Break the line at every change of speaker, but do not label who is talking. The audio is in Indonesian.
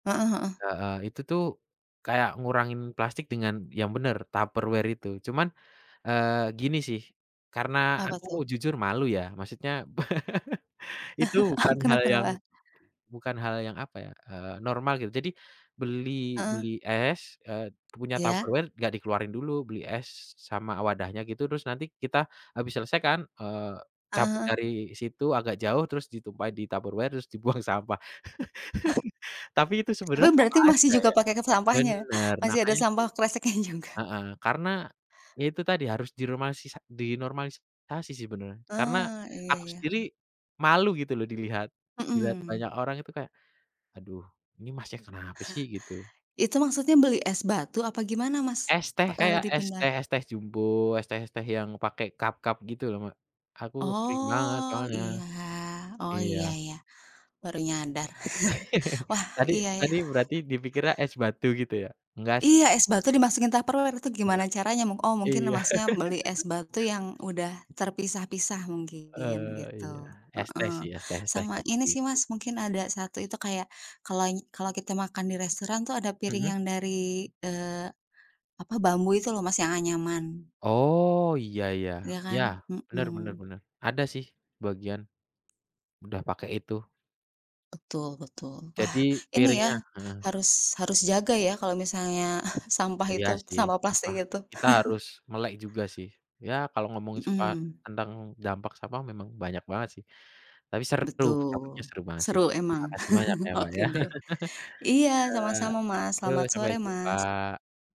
Heeh heeh.
Heeh, itu tuh kayak ngurangin plastik dengan yang bener Tupperware itu. Cuman, eee, gini sih karena
Apa
aku
tuh?
jujur malu ya, maksudnya itu
Ah,
bukan hal
kenapa
yang
kenapa?
bukan hal yang apa ya, eee, normal, gitu. Jadi beli beli
Heeh.
es, eee, punya
Iya.
Tupperware nggak dikeluarin dulu, beli es s sama wadahnya gitu, terus nanti kita habis selesaikan, eee,
Ah
cabut
hah heeh.
dari situ agak jauh terus ditumpah di Tupperware terus dibuang sampah.
Ah.
Tapi itu
Tapi
sebenarnya sama
berarti masih
aja
juga
ya,
pakai ikat sampahnya,
benar,
masih ada
makanya itu
sampah kresek nya juga.
heeh, karena ya itu tadi harus diromasisas dinormalisasi sih sebenarnya, karena
Ah, iya
aku
iya.
sendiri malu gitu loh dilihat dilihat
Mhm.
banyak orang itu kayak, "Aduh, ini masnya kenapa sih?" Gitu.
Itu maksudnya beli es batu apa gimana Mas?
Es
Apa,
teh
eee,
kayak es
dipindah
teh es teh jumbo, es teh-es teh yang pake cup-cup gitu loh Mbak, aku sering banget
Oh,
soalnya.
iya. Oh,
Iya.
iya iya, baru nyadar. Wah,
Tadi
iya, yah.
tadi berarti dipikirnya es batu gitu ya? Enggak sih.
Iya, es batu dimasukin Tupperware, itu gimana
Enggak.
caranya? Mung oh, mungkin
Iya.
Masnya beli es batu yang udah terpisah-pisah mungkin,
Eee, iya.
gitu.
Es teh
Heeh,
sih es teh-es teh
sama
kayak
ini sih
gitu.
Mas mungkin ada 1 itu kayak kalau ngi kalau kita makan di restoran tuh ada piring
Mhm.
yang dari, eee, apa, bambu itu loh Mas yang anyaman.
Oh, iya iya,
Iya kan?
iya, bener bener
Mhm.
bener, ada sih bagian, udah pakai itu.
Betul betul, wah,
Jadi
ini ya
piringnya heeh.
harus harus jaga ya kalo misalnya sampah
Iya
itu,
sih
sampah
apa?
plastik itu.
Kita harus melek juga sih. Ya kalau ngomongin suka
Mhm.
tentang dampak sampah memang banyak banget sih. Tapi seru topiknya
Betul,
seru banget sih,
seru
terima
emang?
kasih banyak ya, Mbak, ya.
Oke deh. Iya, sama-sama, Mas.
Iya, yo,
Selamat
sampai
sore, Mas.
jumpa.